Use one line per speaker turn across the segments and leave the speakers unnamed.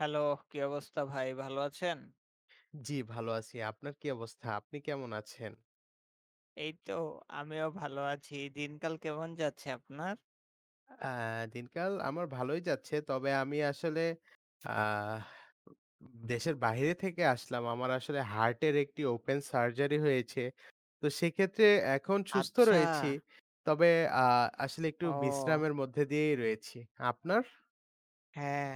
Hello কি অবস্থা ভাই ভালো আছেন?
জ্বি ভালো আছি। আপনার কি অবস্থা? আপনি কেমন আছেন?
এই তো আমিও ভালো আছি। দিনকাল কেমন যাচ্ছে আপনার?
আ দিনকাল আমার ভালোই যাচ্ছে। তবে আমি আসলে আহ উ দেশের বাইরে থেকে আসলাম। আমার আসলে হার্টের একটি ওপেন সার্জারি হয়েছে। তো সেক্ষেত্রে এখন সুস্থ
আচ্ছা।
রয়েছি। তবে আ আসলে একটু
ও।
বিশ্রামের মধ্যে দিয়েই রয়েছি। আপনার?
হ্যাঁ,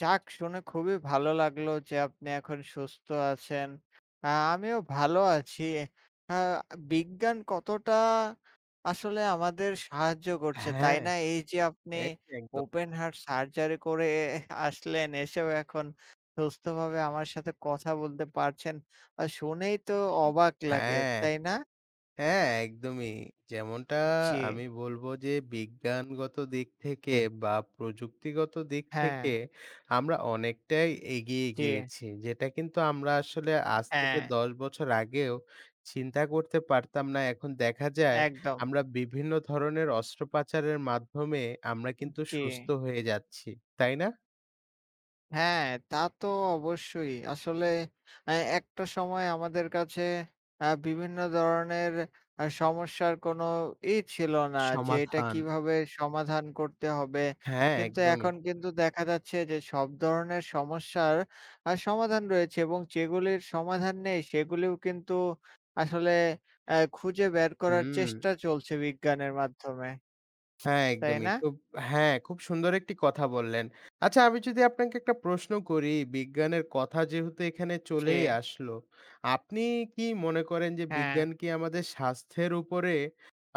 যাক শুনে খুবই ভালো লাগলো, যে আপনি এখন সুস্থ আছেন। আ আমিও ভালো আছি। আ বিজ্ঞান কতটা আসলে আমাদের সাহায্য করছে
হ্যাঁ,
তাই
হ্যাঁ।
না? এই যে আপনি
এক একদম।
ওপেন হার্ট সার্জারি করে আসলেন এসেও এখন সুস্থভাবে আমার সাথে কথা বলতে পারছেন বা শুনেই তো অবাক লাগে
হ্যাঁ।
তাই না?
হ্যাঁ, একদমই যেমনটা
জি।
আমি বলব যে বিজ্ঞানগত দিক থেকে বা প্রযুক্তিগত দিক থেকে
হ্যাঁ।
আমরা অনেকটাই এগিয়ে
জি।
গিয়েছি। যেটা কিন্তু আমরা আসলে আজ থেকে
হ্যাঁ।
১০ বছর আগেও চিন্তা করতে পারতাম না এখন দেখা যায়
একদম।
আমরা বিভিন্ন ধরনের অস্ত্রোপচারের মাধ্যমে আমরা কিন্তু
জি।
সুস্থ হয়ে যাচ্ছি তাই না?
হ্যাঁ তা তো অবশ্যই। আসলে আ একটা সময় আমাদের কাছে আ বিভিন্ন ধরনের সমস্যার কোনো ই ছিল না, যে এটা
সমাধান।
কীভাবে সমাধান করতে হবে।
হ্যাঁ,
কিন্তু
একদমই।
এখন কিন্তু দেখা যাচ্ছে যে, সব ধরনের সমস্যার আ সমাধান রয়েছে এবং যেগুলির সমাধান নেই সেগুলিও কিন্তু আসলে আ খুঁজে বের করার
হুম।
চেষ্টা চলছে বিজ্ঞানের মাধ্যমে।
হ্যাঁ
তাই
একদমই
না?
খুব হ্যাঁ খুব সুন্দর একটি কথা বললেন। আচ্ছা আমি যদি আপনাকে একটা প্রশ্ন করি বিজ্ঞানের কথা যেহেতু এখানে চলেই
জি।
আসল আপনি কি মনে করেন যে
হ্যাঁ।
বিজ্ঞান কি আমাদের স্বাস্থ্যের উপরে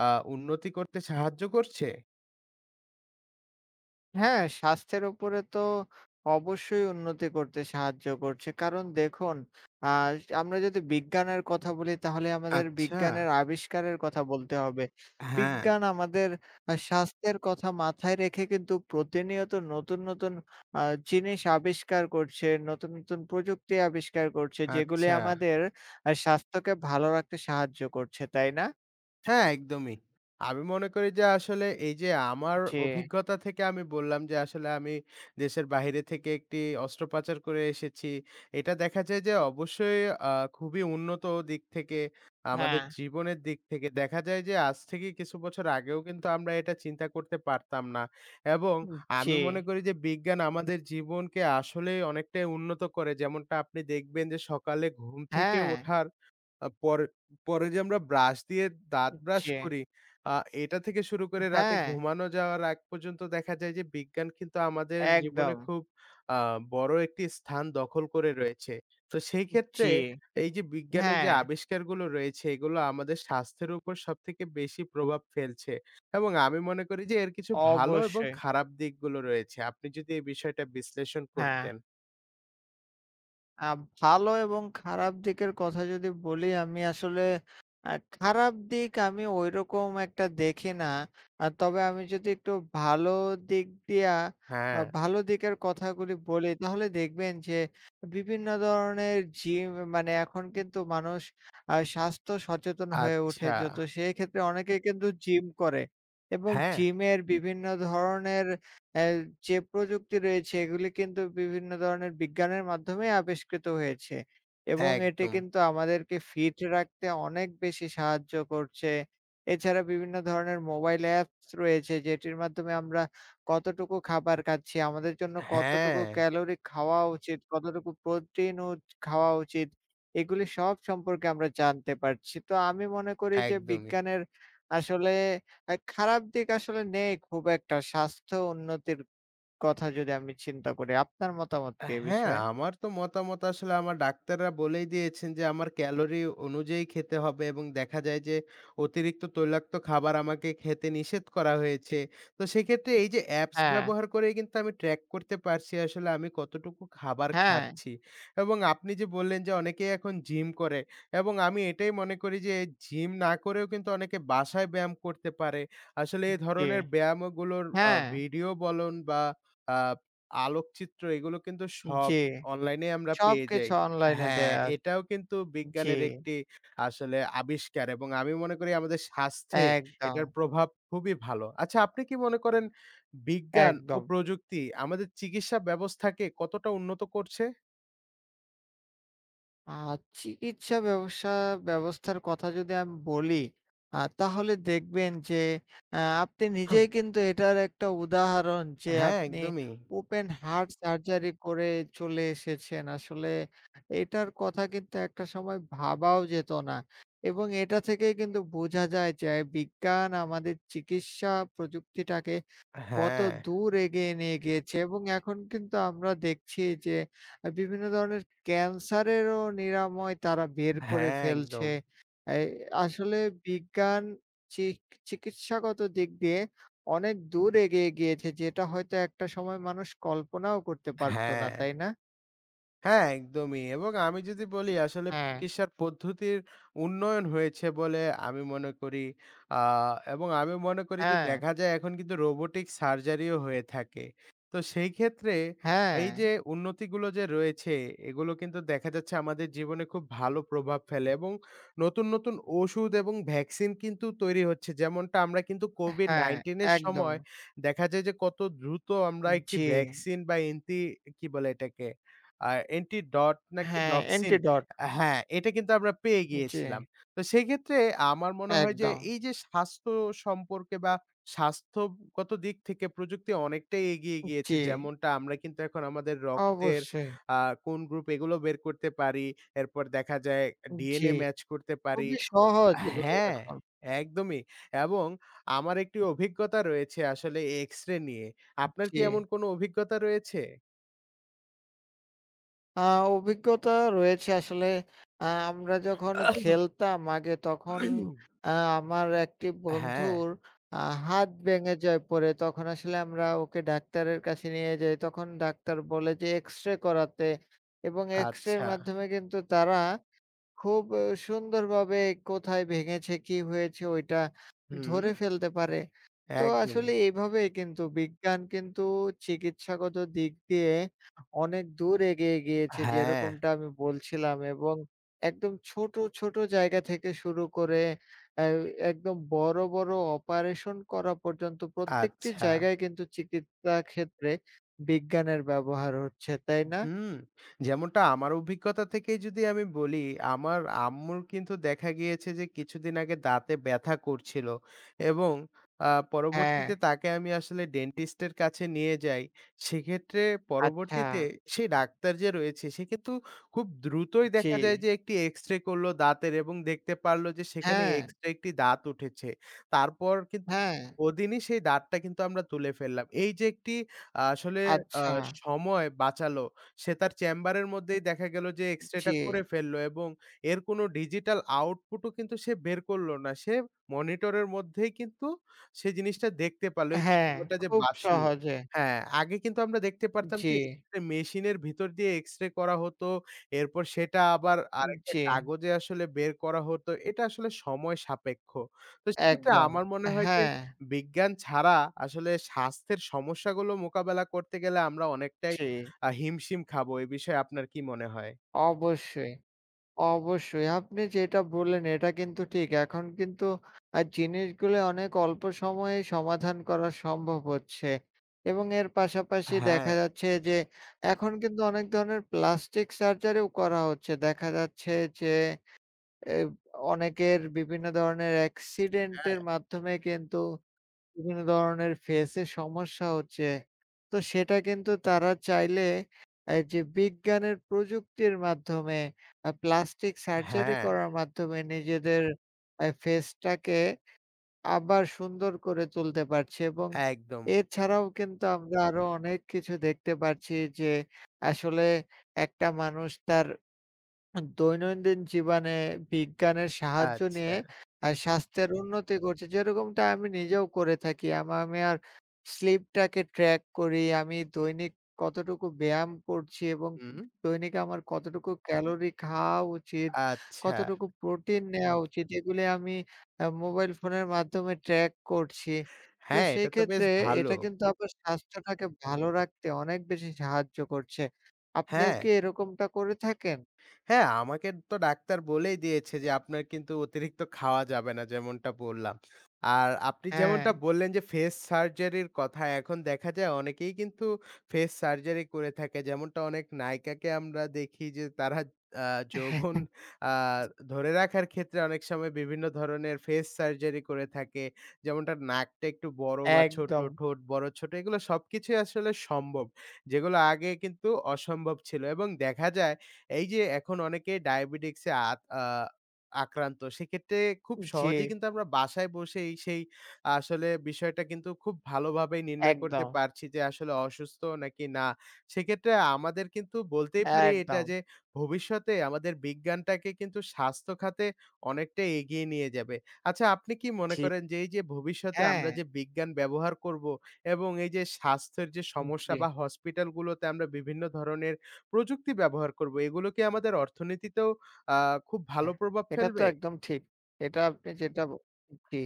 আ উন্নতি করতে সাহায্য করছে?
হ্যাঁ স্বাস্থ্যের উপরে তো অবশ্যই উন্নতি করতে সাহায্য করছে। কারণ দেখুন আ আমরা যদি বিজ্ঞানের কথা বলি, তাহলে আমাদের
আচ্ছা।
বিজ্ঞানের আবিষ্কারের কথা বলতে হবে।
হ্যাঁ।
বিজ্ঞান আমাদের স্বাস্থ্যের কথা মাথায় রেখে কিন্তু প্রতিনিয়ত নতুন, নতুন আ জিনিস আবিষ্কার করছে, নতুন, নতুন প্রযুক্তি আবিষ্কার করছে যেগুলি
আচ্ছা।
আমাদের আ স্বাস্থ্যকে ভালো রাখতে সাহায্য করছে, তাই না?
হ্যাঁ, একদমই। আমি মনে করি যে আসলে এই যে আমার
জি।
অভিজ্ঞতা থেকে আমি বললাম যে আসলে আমি দেশের বাইরে থেকে একটি অস্ত্রোপচার করে এসেছি। এটা দেখা যায় যে অবশ্যই আ খুবই উন্নত দিক থেকে আমাদের
হ্যাঁ।
জীবনের দিক থেকে দেখা যায় যে আজ থেকে কিছু বছর আগেও কিন্তু আমরা এটা চিন্তা করতে পারতাম না। এবং
জি।
আমি মনে করি যে বিজ্ঞান আমাদের জীবনকে আসলেই অনেকটাই উন্নত করে যেমনটা আপনি দেখবেন যে সকালে ঘুম থেকে
হ্যাঁ।
ওঠার আ পরে পরে যে আমরা ব্রাশ দিয়ে দাঁত ব্রাশ
জি।
করি আ এটা থেকে শুরু করে রাতে
হ্যাঁ।
ঘুমানো যাওয়ার আগ পর্যন্ত দেখা যায় যে বিজ্ঞান কিন্তু আমাদের জীবনে
একদম।
খুব আ বড় একটি স্থান দখল করে রয়েছে। তো সেই
উ
ক্ষেত্রে
জি,
এই যে বিজ্ঞানের যে
হ্যাঁ।
আবিষ্কারগুলো রয়েছে এগুলো আমাদের স্বাস্থ্যের উপর সবথেকে বেশি প্রভাব ফেলছে। এবং আমি মনে করি যে এর কিছু ভালো এবং
অবশ্যই।
খারাপ দিকগুলো রয়েছে আপনি যদি এই বিষয়টা বিশ্লেষণ
হ্যাঁ।
করতেন।
আ ভালো এবং খারাপ দিকের কথা যদি বলি আমি আসলে আ খারাপ দিক আমি ওইরকম একটা দেখি না। আ তবে আমি যদি একটু ভালো দিক দিয়া আ
হ্যাঁ।
ভালো দিকের কথাগুলি বলি তাহলে দেখবেন যে বিভিন্ন ধরনের জিম মানে এখন কিন্তু মানুষ আ স্বাস্থ্য সচেতন হয়ে
আচ্ছা।
উঠেছে তো সেই ক্ষেত্রে অনেকেই কিন্তু জিম করে এবং
হ্যাঁ।
জিমের বিভিন্ন ধরনের এ যে প্রযুক্তি রয়েছে এগুলি কিন্তু বিভিন্ন ধরনের বিজ্ঞানের মাধ্যমে আবিষ্কৃত হয়েছে এবং এটি
একদম।
কিন্তু আমাদেরকে ফিট রাখতে অনেক বেশি সাহায্য করছে। এছাড়া বিভিন্ন ধরনের মোবাইল অ্যাপস রয়েছে যেটির মাধ্যমে আমরা কতটুকু খাবার খাচ্ছি আমাদের জন্য কতটুকু
হ্যাঁ।
ক্যালোরি খাওয়া উচিত, কতটুকু প্রোটিন ও খাওয়া উচিত এগুলি সব সম্পর্কে আমরা জানতে পারছি। তো আমি মনে করি যে
একদমই।
বিজ্ঞানের আসলে আ খারাপ দিক আসলে নেই খুব একটা স্বাস্থ্য উন্নতির কথা যদি আমি চিন্তা করি। আপনার মতামত কি এ
হ্যাঁ,
বিষয়ে?
আমার তো মতামত আসলে আমার ডাক্তাররা বলেই দিয়েছেন যে আমার ক্যালোরি অনুযায়ী খেতে হবে এবং দেখা যায় যে অতিরিক্ত তৈলাক্ত খাবার আমাকে খেতে নিষেধ করা হয়েছে। তো সেক্ষেত্রে এই যে অ্যাপস
হ্যাঁ।
ব্যবহার করেই কিন্তু আমি ট্রাক করতে পারছি আসলে আমি কতটুকু খাবার
হ্যাঁ।
খাচ্ছি এবং আপনি যে বললেন যে অনেকেই এখন জিম করে এবং আমি এটাই মনে করি যে জিম না করেও কিন্তু অনেকে বাসায় ব্যায়াম করতে পারে। আসলে
উ
এ
জি।
ধরনের ব্যায়ামগুলোর আ
হ্যাঁ।
ভিডিও বলন বা আ আলোকচিত্র এগুলো কিন্তু সব
জি
অনলাইনেই আমরা
সব
পেয়ে যাই।
কিছু অনলাইন
হ্যাঁ।
দেয়া আছ
এটাও কিন্তু
জি।
বিজ্ঞানের একটি আসলে আবিষ্কার এবং আমি মনে করি আমাদের স্বাস্থ্যে এটার
একদম।
প্রভাব খুবই ভালো। আচ্ছা আপনি কি মনে করেন বিজ্ঞান ও
একদম।
প্রযুক্তি আমাদের চিকিৎসা ব্যবস্থাকে কতটা উন্নত করছে?
আ চিকিৎসা ব্যবসা ব্যবস্থার কথা যদি আমি বলি আ তাহলে দেখবেন যে আ আপনি নিজেই
[unintelligible]
কিন্তু এটার একটা উদাহরণ যে
হ্যাঁ
আপনি
একদমই।
'ওপেন হার্ট সার্জারি' করে চলে এসেছেন। আসলে এটার কথা কিন্তু একটা সময় ভাবাও যেত না, এবং এটা থেকেই কিন্তু বোঝা যায় যে বিজ্ঞান আমাদের চিকিৎসা প্রযুক্তিটাকে কত
হ্যাঁ।
দূর এগিয়ে নিয়ে গিয়েছে এবং এখন কিন্তু আমরা দেখছি যে বিভিন্ন ধরনের 'ক্যান্সারেরও' নিরাময় তারা বের করে
হ্যাঁ
ফেলছে।
একদম।
এই আসলে বিজ্ঞান চিক চিকিৎসাগত দিক দিয়ে অনেক দূর এগিয়ে গিয়েছে যেটা হয়তো একটা সময় মানুষ কল্পনাও করতে পারত না,
হ্যাঁ।
তাই না?
হ্যাঁ একদমই। এবং আমি যদি বলি আসলে
হ্যাঁ।
চিকিৎসার পদ্ধতির উন্নয়ন হয়েছে বলে আমি মনে করি, আ এবং আমি মনে করি যে
হ্যাঁ।
দেখা যায় এখন কিন্তু 'রোবটিক সার্জারিও' হয়ে থাকে। তো সেই ক্ষেত্রে এই
হ্যাঁ।
যে উন্নতিগুলো যে রয়েছে এগুলো কিন্তু দেখা যাচ্ছে আমাদের জীবনে খুব ভালো প্রভাব ফেলে এবং নতুন, নতুন ওষুধ এবং ভ্যাকসিন কিন্তু তৈরি হচ্ছে। যেমনটা আমরা কিন্তু
হ্যাঁ,
'COVID-19' এর
একদম।
সময় দেখা যায় যে কত দ্রুত আমরা
হুম,
একটি
জ্বি।
ভ্যাকসিন বা, এন্টি কি বলে এটাকে আ অ্যান্টি ডট নাকি
হ্যাঁ,
ডক্সিন
এন্টি ডট।
হ্যাঁ, এটা কিন্তু আমরা পেয়ে গিয়েছিলাম।
জ্বি।
তো সেক্ষেত্রে আমার মনে হয় যে
একদম।
এই যে স্বাস্থ্য সম্পর্কে বা স্বাস্থ্যগত দিক থেকে প্রযুক্তি অনেকটাই এগিয়ে
উ
গিয়েছে।
জ্বি।
যেমনটা আমরা কিন্তু এখন আমাদের রক্তের
অবশ্যই।
আ কোন গ্রুপ এগুলো বের করতে পারি। এরপর দেখা যায়
উম জ্বি,
ডিএনএ মাচ করতে পারি
খুবই সহজ এগুলো
হ্যাঁ
এখন।
একদমই এবং আমার একটি অভিজ্ঞতা রয়েছে আসলে এক্সরে নিয়ে। আপনার কি
জ্বি।
এমন কোন অভিজ্ঞতা রয়েছে?
আ অভিজ্ঞতা রয়েছে আসলে আ আমরা যখন খেলতাম আগে, তখন আ আমার একটি
হ্যাঁ।
বন্ধুর আ হাত ভেঙে যায় পরে, তখন আসলে আমরা ওকে ডাক্তারের কাছে নিয়ে যাই তখন ডাক্তার বলে যে এক্সরে করাতে, এবং এক্সরের
আচ্ছা।
মাধ্যমে কিন্তু তারা খুব সুন্দরভাবে কোথায় ভেঙেছে কি হয়েছে ওইটা ধরে
হুম।
ফেলতে পারে। তো
একদমই।
আসলে এভাবে কিন্তু বিজ্ঞান কিন্তু চিকিৎসাগত দিক দিয়ে অনেক দূর এগিয়ে গিয়েছে,
হ্যাঁ।
যেরকমটা আমি বলছিলাম এবং একদম ছোট, ছোট জায়গা থেকে শুরু করে এই একদম বড়, বড় অপারেশন করা পর্যন্ত প্রত্যেকটি
আচ্ছা।
জায়গায় কিন্তু চিকিৎসা ক্ষেত্রে বিজ্ঞানের ব্যবহার হচ্ছে। তাই না?
হুম, যেমনটা আমার অভিজ্ঞতা থেকেই যদি আমি বলি, আমার আম্মুর কিন্তু দেখা গিয়েছে যে কিছুদিন আগে দাঁতে ব্যাথা করছিল এবং আ
হ্যাঁ।
পরবর্তীতে তাকে আমি আসলে ডেন্টিস্ট এর কাছে নিয়ে যাই, সেক্ষেত্রে
আচ্ছা।
পরবর্তীতে সে ডাক্তার যে রয়েছে সে কিন্তু খুব দ্রুতই দেখা যায়
জী।
যে একটি এক্সরে করলো দাঁতের, এবং দেখতে পারলো যে সেখানে
হ্যাঁ।
এক্সট্রা একটি দাঁত উঠেছে। তারপর কিন্তু
হ্যাঁ।
ওদিনই সেই দাঁতটা কিন্তু আমরা তুলে ফেললাম। এই যে একটি আসলে আ
আচ্ছা।
সময় বাঁচালো সে তার চেম্বারের মধ্যেই দেখা গেল যে এক্সরে টা করে
জী।
ফেলল, এবং এর কোন ডিজিটাল আউটপুট ও কিন্তু সে বের করল না। সে মনিটর এর মধ্যেই কিন্তু সে জিনিসটা দেখতে পারলো। এই যে
হ্যাঁ,
সময়টা যে
খুব
বাচলো
সহজে।
হ্যাঁ, আগে কিন্তু আমরা দেখতে পারতাম
জী।
যে মেশিনের ভিতর দিয়ে এক্সরে করা হতো। এরপর সেটা আবার আরেকটা
জী।
কাগজে আসলে বের করা হতো। এটা আসলে সময় সাপেক্ষ। তো সেক্ষেত্রে
একদম,
আমার মনে হয় যে
হ্যাঁ।
বিজ্ঞান ছাড়া আসলে স্বাস্থ্যের সমস্যাগুলো মোকাবেলা করতে গেলে আমরা অনেকটাই
জী।
আ হিমশিম খাবো এ বিষয়ে আপনার কী মনে হয়?
অবশ্যই, অবশ্যই আপনি যেটা বললেন এটা কিন্তু ঠিক। এখন কিন্তু আ জিনিসগুলা অনেক অল্প সময়েই সমাধান করা সম্ভব হচ্ছে। এবং এর পাশাপাশি দেখা
হ্যাঁ।
যাচ্ছে যে, এখন কিন্তু অনেক ধরনের প্লাস্টিক সার্জারিও করা হচ্ছে। দেখা যাচ্ছে যে অ্যা অনেকের বিভিন্ন ধরনের অ্যাক্সিডেন্টের
হ্যাঁ।
মাধ্যমে কিন্তু বিভিন্ন ধরনের ফেসে সমস্যা হচ্ছে, তো সেটা কিন্তু তারা চাইলে এই যে বিজ্ঞানের প্রযুক্তির মাধ্যমে আ প্লাস্টিক সার্জারি
হ্যাঁ।
করার মাধ্যমে নিজেদের আ ফেসটাকে আবার সুন্দর করে তুলতে পারছে এবং
একদম।
এছাড়াও কিন্তু আমরা আরো অনেক কিছু দেখতে পাচ্ছি। যে আসলে একটা মানুষ তার দৈনন্দিন জীবনে বিজ্ঞানের সাহায্য
আচ্ছা।
নিয়ে আ স্বাস্থ্যের উন্নতি করছে, যেরকমটা আমি নিজেও করে থাকি আমা আমি আর স্লিপটাকে ট্র্যাক করি, আমি দৈনিক কতটুকু ব্যায়াম করছি এবং
হুম।
দৈনিক আমার কতটুকু ক্যালোরি খাওয়া উচিত
আচ্ছা।
কতটুকু প্রোটিন নেওয়া উচিত এগুলি আমি আ মোবাইল ফোনের মাধ্যমে ট্রাক করছি, তো
হ্যাঁ এটা তো বেশ
সেক্ষেত্রে
ভালো।
এটা কিন্তু আমার স্বাস্থ্যটাকে ভালো রাখতে অনেক বেশি সাহায্য করছে। আপনিও
হ্যাঁ।
কি এরকমটা করে থাকেন?
হ্যাঁ আমাকে তো ডাক্তার বলেই দিয়েছে, যে আপনার কিন্তু অতিরিক্ত খাওয়া যাবে না যেমনটা বললাম। আর আপনি যেমনটা
হ্যাঁ।
বললেন যে ফেস সার্জারির কথা। এখন দেখা যায় অনেকেই কিন্তু ফেস সার্জারি করে থাকে। যেমনটা অনেক নায়িকাকে আমরা দেখি যে তারা আ যৌবন আ ধরে রাখার ক্ষেত্রে অনেক সময় বিভিন্ন ধরনের ফেস সার্জারি করে থাকে। যেমন তার নাকটা একটু বড় বা ছোট
একদম।
ঠোঁট বড়-ছোট এগুলা সবকিছুই আসলে সম্ভব। যেগুলো আগে কিন্তু অসম্ভব ছিল। এবং দেখা যায় এই যে এখন অনেকে ডায়াবেটিক্সে আত আ আক্রান্ত। সেক্ষেত্রে খুব সহজেই
জী।
কিন্তু আমরা বাসায় বসেই সেই আসলে বিষয়টা কিন্তু খুব ভালোভাবে নির্ণয় করতে
একদম।
পারছি, যে আসলে অসুস্থ নাকি না। সেক্ষেত্রে আমাদের কিন্তু বলতেই পারি এটা
একদম।
যে ভবিষ্যতে আমাদের বিজ্ঞানটাকে কিন্তু স্বাস্থ্যখাতে অনেকটাই এগিয়ে নিয়ে যাবে। আচ্ছা আপনি কি মনে
জী।
করেন যে এই যে ভবিষ্যতে আমরা
হ্যাঁ।
যে বিজ্ঞান ব্যবহার করব এবং এই যে স্বাস্থ্যের যে সমস্যা
জী।
বা হসপিটালগুলোতে আমরা বিভিন্ন ধরনের প্রযুক্তি ব্যবহার করব এগুলো কি আমাদের অর্থনীতিতেও আ খুব ভালো
হ্যাঁ,
প্রভাব
এটা তো
ফেলবে?
একদম ঠিক। এটা আপনি যেটা, জী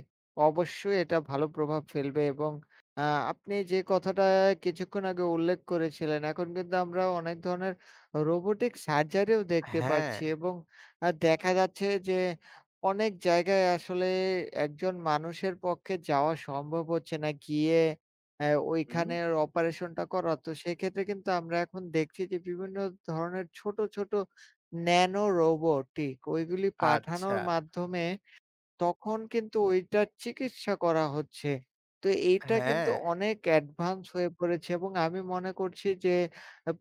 অবশ্যই এটা ভালো প্রভাব ফেলবে এবং আ আপনি যে কথাটা কিছুক্ষণ আগে উল্লেখ করেছিলেন এখন কিন্তু আমরা অনেক ধরনের রোবটিক সার্জারি ও দেখতে পাচ্ছি,
হ্যাঁ।
এবং আ দেখা যাচ্ছে যে অনেক জায়গায় আসলে একজন মানুষের পক্ষে যাওয়া সম্ভব হচ্ছে না, গিয়ে আ
হুম।
ঐখানে অপারেশন টা করা। তো সেক্ষেত্রে কিন্তু আমরা এখন দেখছি যে বিভিন্ন ধরনের ছোট, ছোট ন্যানো রোবটিক ঐগুলি
আচ্ছা।
পাঠানোর মাধ্যমে তখন কিন্তু ওইটার চিকিৎসা করা হচ্ছে। তো এইটা কিন্তু
হ্যাঁ।
অনেক অ্যাডভান্স হয়ে পড়েছে এবং আমি মনে করছি যে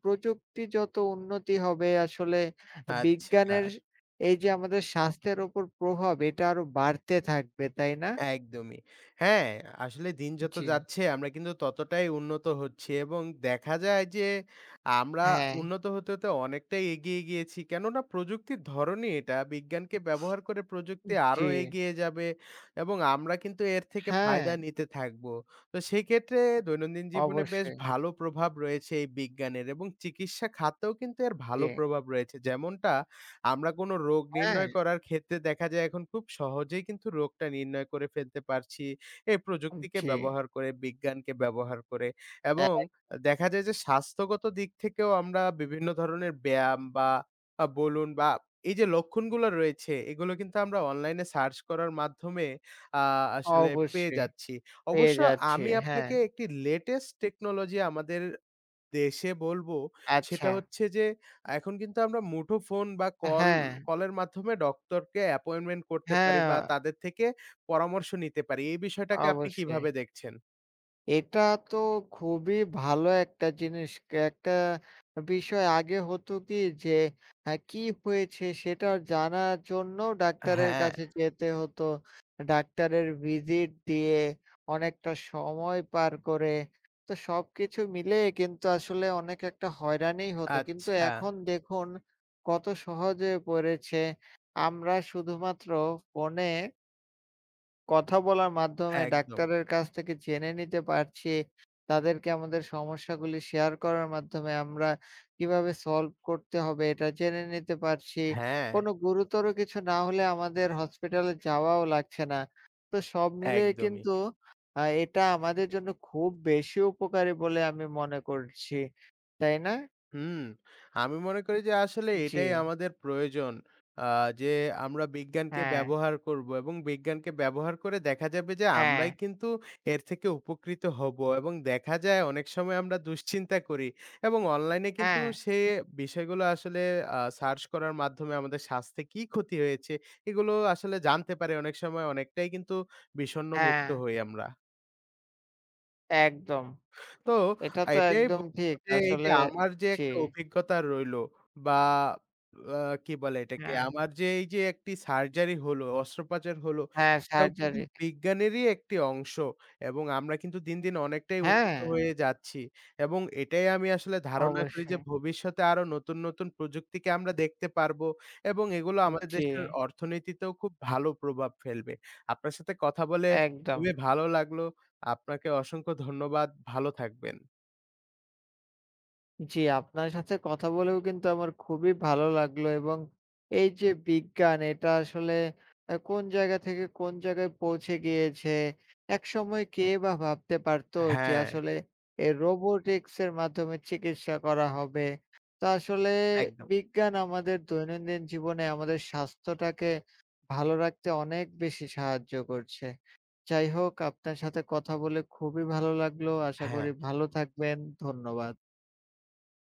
প্রযুক্তি যত উন্নতি হবে, আসলে
আচ্ছা।
বিজ্ঞানের এই যে আমাদের স্বাস্থ্যের উপর প্রভাব এটা আরো বাড়তে থাকবে, তাই না?
একদমই। হ্যাঁ, আসলে দিন যত
জী।
যাচ্ছে আমরা কিন্তু ততটাই উন্নত হচ্ছি এবং দেখা যায় যে আমরা
হ্যাঁ।
উন্নত হতে হতে অনেকটাই এগিয়ে গিয়েছি। কেননা প্রযুক্তির ধরনই এটা বিজ্ঞানকে ব্যবহার করে প্রযুক্তি
জী।
আরও এগিয়ে যাবে এবং আমরা কিন্তু এর থেকে ফায়দা
হ্যাঁ।
নিতে থাকবো, তো সেই ক্ষেত্রে দৈনন্দিন জীবনে বেশ
অবশ্যই।
ভালো প্রভাব রয়েছে এই বিজ্ঞানের এবং চিকিৎসা খাতেও কিন্তু এর ভালো
জী।
প্রভাব রয়েছে, যেমনটা আমরা কোন রোগ
হ্যাঁ।
নির্ণয় করার ক্ষেত্রে দেখা যায় এখন খুব সহজেই কিন্তু রোগটা নির্ণয় করে ফেলতে পারছি। এই প্রযুক্তিকে
জী।
ব্যবহার করে, বিজ্ঞানকে ব্যবহার করে এবং
একদম।
দেখা যায় যে স্বাস্থ্যগত দিক থেকেও আমরা বিভিন্ন ধরনের ব্যায়াম বা আ বলুন বা এই যে লক্ষণগুলো রয়েছে এগুলো কিন্তু আমরা অনলাইনে সার্চ করার মাধ্যমে আ আসলে পেয়ে
অবশ্যই,
যাচ্ছি।
পেয়ে
অবশ্য
যাচ্ছি,
আমি
হ্যাঁ।
আপনাকে একটি লেটেস্ট টেকনোলজি আমাদের দেশে বলবো, সেটা
আচ্ছা।
হচ্ছে যে এখন কিন্তু আমরা মুঠো ফোন বা কল
হ্যাঁ।
কলের মাধ্যমে ডক্টর কে অ্যাপয়েন্টমেন্ট করতে পারি বা
হ্যাঁ।
তাদের থেকে পরামর্শ নিতে পারি। এই বিষয়টাকে আপনি
অবশ্যই।
কিভাবে দেখছেন?
এটা তো খুবই ভালো একটা জিনিস, কে একটা বিষয় আগে হতো কি? যে এ কী হয়েছে সেটা জানার জন্যও ডাক্তারের
হ্যাঁ।
কাছে যেতে হত। ডাক্তারের ভিজিট দিয়ে অনেকটা সময় পার করে, তো সবকিছু মিলেই কিন্তু আসলে অনেক একটা হয়রানিই হত। কিন্তু
আচ্ছা।
এখন দেখুন কত সহজে পড়েছে। আমরা শুধুমাত্র ফোনে কথা বলার মাধ্যমে
একদম।
ডাক্তারের কাছ থেকে জেনে নিতে পারছি, তাদেরকে আমাদের সমস্যাগুলি শেয়ার করার মাধ্যমে আমরা কিভাবে সলভ করতে হবে, এটা জেনে নিতে পারছি।
হ্যাঁ।
কোন গুরুতর কিছু না হলে আমাদের হসপিটালে যাওয়াও লাগছে না। তো সব মিলিয়েই
একদমই।
কিন্তু অ্যা এটা আমাদের জন্য খুব বেশি উপকারী বলে আমি মনে করছি। তাই না?
হুম। আমি মনে করি যে আসলে এটাই
জি।
আমাদের প্রয়োজন। অ্যা যে আমরা বিজ্ঞানকে
হ্যাঁ।
ব্যবহার করব এবং বিজ্ঞানকে ব্যবহার করে দেখা যাবে যে আমরাই
হ্যাঁ।
কিন্তু এর থেকে উপকৃত হব এবং দেখা যায় অনেক সময় আমরা দুশ্চিন্তা করি এবং অনলাইনে কিন্তু
হ্যাঁ।
সে বিষয়গুলো আসলে অ্যা সার্চ করার মাধ্যমে আমাদের স্বাস্থ্যে কী ক্ষতি হয়েছে এগুলো আসলে জানতে পারি অনেক সময় অনেকটাই কিন্তু বিষণ্ণ মুক্ত
হ্যাঁ।
হই আমরা।
একদম।
তো,
এটা তো
এইটাই
একদম
বলবো
ঠিক
যে
আসলে
আমার যে
জি।
একটা অভিজ্ঞতা রইলো বা অ্যা কি বলে এটাকে?
হ্যাঁ।
আমার যে এই যে একটি সার্জারি হলো, অস্ত্রপাচার হলো,
হ্যাঁ
এটাও কিন্তু
সার্জারি।
বিজ্ঞানেরই একটি অংশ। এবং আমরা কিন্তু দিন, দিন অনেকটাই উন্নত
হ্যাঁ।
হয়ে যাচ্ছি। এবং এটাই আমি আসলে ধারণা করি যে
অবশ্যই।
ভবিষ্যতে আরো নতুন, নতুন প্রযুক্তিকে আমরা দেখতে পারবো এবং এগুলো
উন
আমাদের
জি।
দেশের অর্থনীতিতেও খুব ভালো প্রভাব ফেলবে। আপনার সাথে কথা বলে
একদম।
খুবই ভালো লাগলো। আপনাকে অসংখ্য ধন্যবাদ। ভালো থাকবেন।
জ্বী, আপনার সাথে কথা বলেও কিন্তু আমার খুবই ভালো লাগলো। এবং এই যে বিজ্ঞান, এটা আসলে অ্যা কোনো জায়গা থেকে কোনো জায়গায় পৌঁছে গিয়েছে। একসময় কে বা ভাবতে পারত যে
হ্যাঁ।
আসলে এ robotics এর মাধ্যমে চিকিৎসা করা হবে? তো আসলে
একদম।
বিজ্ঞান আমাদের দৈনন্দিন জীবনে আমাদের স্বাস্থ্যটাকে ভালো রাখতে অনেক বেশি সাহায্য করছে। যাই হোক আপনার সাথে কথা বলে খুবই ভালো লাগলো, আশা করি
হ্যাঁ।
ভালো থাকবেন। ধন্যবাদ।